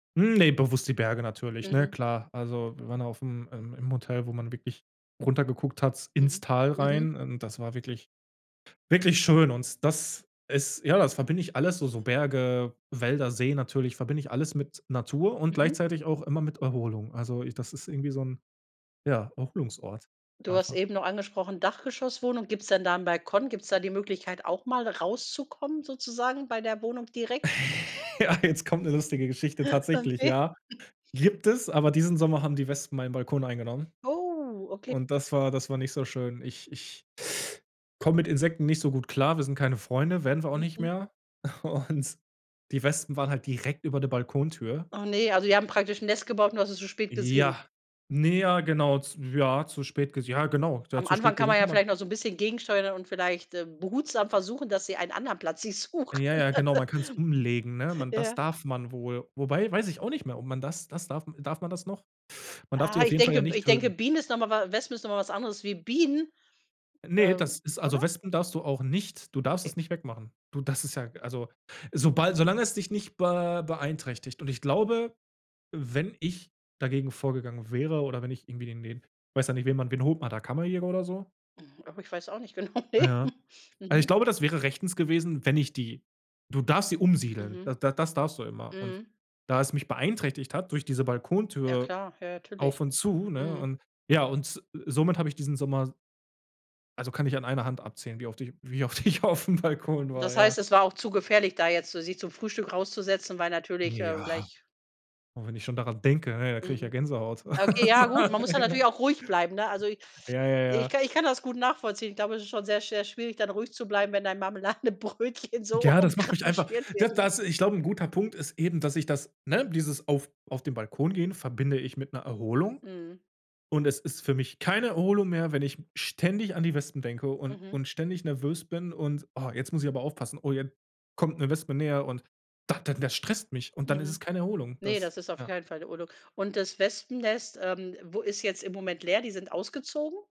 Hm, ne, bewusst die Berge natürlich, ne, Mhm. klar. Also, wir waren ja auf 'm ähm, im Hotel, wo man wirklich runter geguckt hat ins Mhm. Tal Mhm. rein und das war wirklich, wirklich schön und das ist ja, das verbinde ich alles so so Berge, Wälder, See natürlich verbinde ich alles mit Natur und Mhm. gleichzeitig auch immer mit Erholung. Also, i das ist irgendwie so 'n, ja, Erholungsort Du hast einfach. eben noch angesprochen, Dachgeschosswohnung. Gibt's denn da 'nen Balkon? Gibt's da die Möglichkeit auch mal rauszukommen sozusagen bei der Wohnung direkt? Ja, jetzt kommt 'ne lustige Geschichte. Tatsächlich, Okay. ja. Gibt es, aber diesen Sommer haben die Wespen meinen Balkon eingenommen. Oh, okay. Und das war das war nicht so schön. Ich Ich komme mit Insekten nicht so gut klar. Wir sind keine Freunde, werden wir auch nicht Mhm. mehr. Und die Wespen waren halt direkt über der Balkontür. Oh ne, also, die haben praktisch 'n Nest gebaut und du hast es so spät gesehen? Ja. Ne, ja, genau, z ja, zu spät ges ja, genau, ja Am zu spät Anfang kann gesehen man kann ja man vielleicht noch so 'n bisschen gegensteuern und vielleicht, äh, behutsam versuchen, dass sie einen anderen Platz sich suchen. Ja, ja, genau, man kann's umlegen, ne? Man das Ja. darf man wohl. Wobei, weiß ich auch nicht mehr, ob man das das darf darf man das noch? Man darf die Ah, auf ich jeden Fall ja denke B nicht ich denke töten. Bienen ist noch mal Wa Wespen ist noch mal was anderes wie Bienen. Ne, Ähm, das ist also, oder? Wespen darfst du auch nicht du darfst Okay. es nicht wegmachen. Du das ist ja also, sobald solange es dich nicht be beeinträchtigt. Und ich glaube, wenn ich dagegen vorgegangen wäre oder wenn ich irgendwie den den weiß ja nicht, wen man wen holt man da? Kammerjäger oder so? Hm. Aber ich weiß auch nicht genau, Ah, ne. ja. Also, ich Mhm. glaube, das wäre rechtens gewesen, wenn ich die du darfst sie umsiedeln. Mhm. D da das darfst du immer. Und Mhm. da es mich beeinträchtigt hat durch diese Ja, Balkontür klar, ja auf natürlich. und zu, ne, Mhm. und ja und, äh, somit habe ich diesen Sommer Also, kann ich an einer Hand abzählen, wie oft ich wie oft ich auf 'm Balkon war, Das ja. heißt, es war auch zu gefährlich, da jetzt so sich zum Frühstück rauszusetzen, weil natürlich, äh, Ja. gleich Und wenn ich schon daran denke, na ja, da kriege ich ja Mhm. Gänsehaut. Okay, ja gut, man muss da natürlich [unintelligible] auch ruhig bleiben, ne? Also, i Ja, ja, ich ja. ich kann das gut nachvollziehen. Ich glaube, es ist schon sehr, sehr schwierig, dann ruhig zu bleiben, wenn dein Marmeladenbrötchen so Ja, das macht umkre mich einfach schwirt d wird, ne? das ich glaube, 'n guter Punkt ist eben, dass ich das ne, dieses auf auf den Balkon gehen verbinde ich mit 'ner Erholung. Mhm. Und es ist für mich keine Erholung mehr, wenn ich ständig an die Wespen denke und Mhm. und ständig nervös bin und: „Oh, jetzt muss ich aber aufpassen. Oh, jetzt kommt 'ne Wespe näher“, und da dann das stresst mich und dann ist es Mhm. keine Erholung. Ne, Das das ist auf ja. keinen Fall 'ne [unintelligible] Und das Wespennest, ähm, wo ist jetzt im Moment leer, die sind ausgezogen?